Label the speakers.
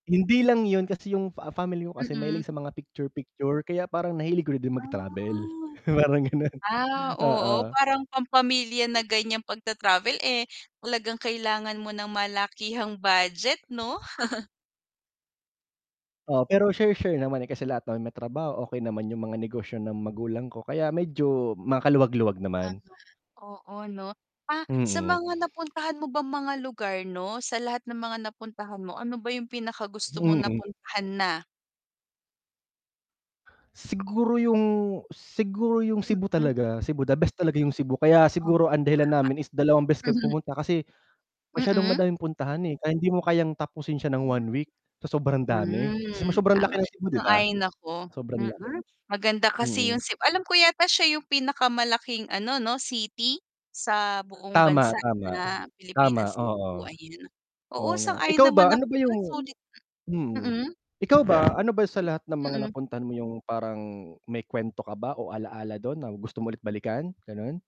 Speaker 1: Hindi lang yun, kasi yung, ah, family ko kasi
Speaker 2: Mm.
Speaker 1: mahilig sa mga picture-picture kaya parang nahilig ko din
Speaker 2: Ah.
Speaker 1: mag-travel, parang ganun,
Speaker 2: Ah, oo,
Speaker 1: oo.
Speaker 2: parang pampamilya na ganyan pagta-travel eh, talagang kailangan mo ng malakihang budget 'no?
Speaker 1: Oo, pero share-share naman eh, kasi lahat naman may trabaho, okey naman yung mga negosyo ng magulang ko, kaya medyo makaluwag-luwag naman.
Speaker 2: Tama, oo 'no. Ah, sa
Speaker 1: Mm.
Speaker 2: mga napuntahan mo bang mga lugar 'no, sa lahat ng mga napuntahan mo, ano ba yung pinaka-gusto mong
Speaker 1: Hmm.
Speaker 2: napuntahan na?
Speaker 1: Siguro, yung siguro yung Cebu
Speaker 2: Mm.
Speaker 1: talaga, Cebu the best talaga, yung Cebu kaya
Speaker 2: Oh, tama.
Speaker 1: siguro ang dahilan namin is 2 beses kami pumunta kasi, masyadong
Speaker 2: Mm.
Speaker 1: madaming puntahan eh, kaya hindi mo kayang tapusin siya ng
Speaker 2: Mhm.
Speaker 1: 1 week sa sobrang dami, kasi
Speaker 2: Mm,
Speaker 1: sobrang
Speaker 2: tama,
Speaker 1: laki ng Cebu, di ba?
Speaker 2: sang-ayon ako.
Speaker 1: Sobrang laki.
Speaker 2: Mm, maganda kasi
Speaker 1: Mm.
Speaker 2: yung Ceb alam ko yata siya yung pinakamalaking ano 'no city, sa buong
Speaker 1: Tama,
Speaker 2: bansa
Speaker 1: tama.
Speaker 2: na
Speaker 1: Tama,
Speaker 2: Pilipinas, Cebu,
Speaker 1: oo.
Speaker 2: ayan.
Speaker 1: Oo
Speaker 2: Oo
Speaker 1: nga,
Speaker 2: sang-ayon
Speaker 1: ikaw
Speaker 2: naman
Speaker 1: ba, ano
Speaker 2: ako
Speaker 1: ba
Speaker 2: diyan
Speaker 1: yung
Speaker 2: sulit
Speaker 1: hmm,
Speaker 2: mm.
Speaker 1: ikaw ba ano ba sa
Speaker 2: I
Speaker 1: lahat ng mga
Speaker 2: mm.
Speaker 1: napuntahan mo yung parang may kwento ka ba o ala-ala dun na gusto mo ulit balikan? Ganun?